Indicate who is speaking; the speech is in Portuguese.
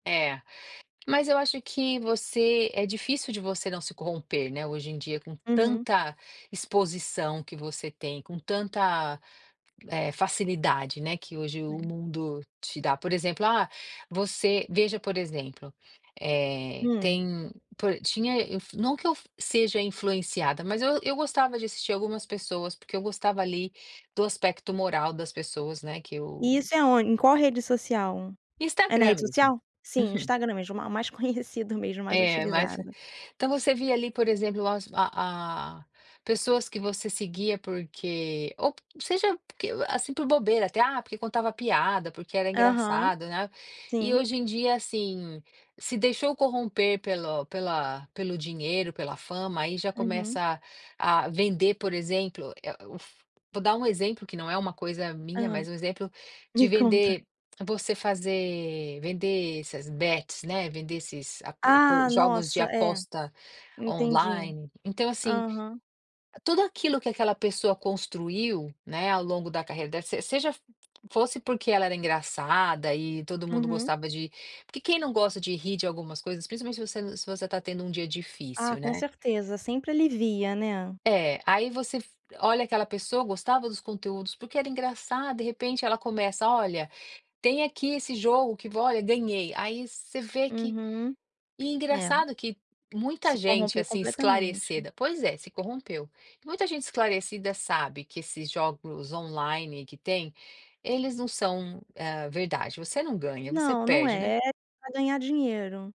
Speaker 1: É, mas eu acho que você é difícil de você não se corromper, né, hoje em dia com
Speaker 2: Uhum.
Speaker 1: tanta exposição que você tem, com tanta, eh, facilidade, né, que hoje o
Speaker 2: Hum.
Speaker 1: mundo te dá, por exemplo: "Ah, você" Veja por exemplo, eh,
Speaker 2: Hum.
Speaker 1: tem, por tinha eu f não que eu seja influenciada, mas eu eu gostava de assistir algumas pessoas porque eu gostava ali do aspecto moral das pessoas, né, que eu
Speaker 2: E isso é on em qual rede social? É na
Speaker 1: Instagram
Speaker 2: rede
Speaker 1: mesmo.
Speaker 2: social? Sim,
Speaker 1: Uhum.
Speaker 2: Instagram mesmo, ah, mais conhecido mesmo, mais
Speaker 1: É, mas é
Speaker 2: utilizado.
Speaker 1: então, você via ali, por exemplo, as a a pessoas que você seguia porque ou p seja, porque, ah, assim, por bobeira até: "Ah, porque contava piada, porque era
Speaker 2: Aham.
Speaker 1: engraçado", né, e
Speaker 2: Sim.
Speaker 1: hoje em dia, assim, se deixou corromper pelo pela pelo dinheiro, pela fama, aí já
Speaker 2: Uhum.
Speaker 1: começa a vender, por exemplo, eh, o uf vou dar um exemplo que não é uma coisa minha,
Speaker 2: Hã.
Speaker 1: mas um exemplo
Speaker 2: Me
Speaker 1: de
Speaker 2: conta.
Speaker 1: vender você fazer vender essas Bets, né, vender esses [unintelligible]
Speaker 2: Ah,
Speaker 1: jogos de
Speaker 2: nossa, é,
Speaker 1: aposta
Speaker 2: entendi.
Speaker 1: online, então, assim,
Speaker 2: Aham.
Speaker 1: tudo aquilo que aquela pessoa construiu, né, ao longo da carreira dela, se seja fosse porque ela era engraçada e todo mundo
Speaker 2: Uhum.
Speaker 1: gostava de porque quem não gosta de rir de algumas coisas, principalmente se você se você está tendo um dia
Speaker 2: Ah,
Speaker 1: difícil,
Speaker 2: com
Speaker 1: né?
Speaker 2: certeza, sempre alivia, né?
Speaker 1: É, aí você f olha aquela pessoa, gostava dos conteúdos porque era engraçada, de repente ela começa: "Olha, tem aqui esse jogo que v olha, ganhei". Aí você vê que
Speaker 2: Uhum.
Speaker 1: e
Speaker 2: É.
Speaker 1: engraçado que muita
Speaker 2: Se
Speaker 1: gente,
Speaker 2: corrompeu
Speaker 1: assim,
Speaker 2: completamente.
Speaker 1: esclarecida Pois é, se corrompeu. Muita gente esclarecida sabe que esses jogos online que tem, eles não são, hã, verdade, você não ganha, você
Speaker 2: Não, não
Speaker 1: perde, né?
Speaker 2: é, é pra ganhar dinheiro.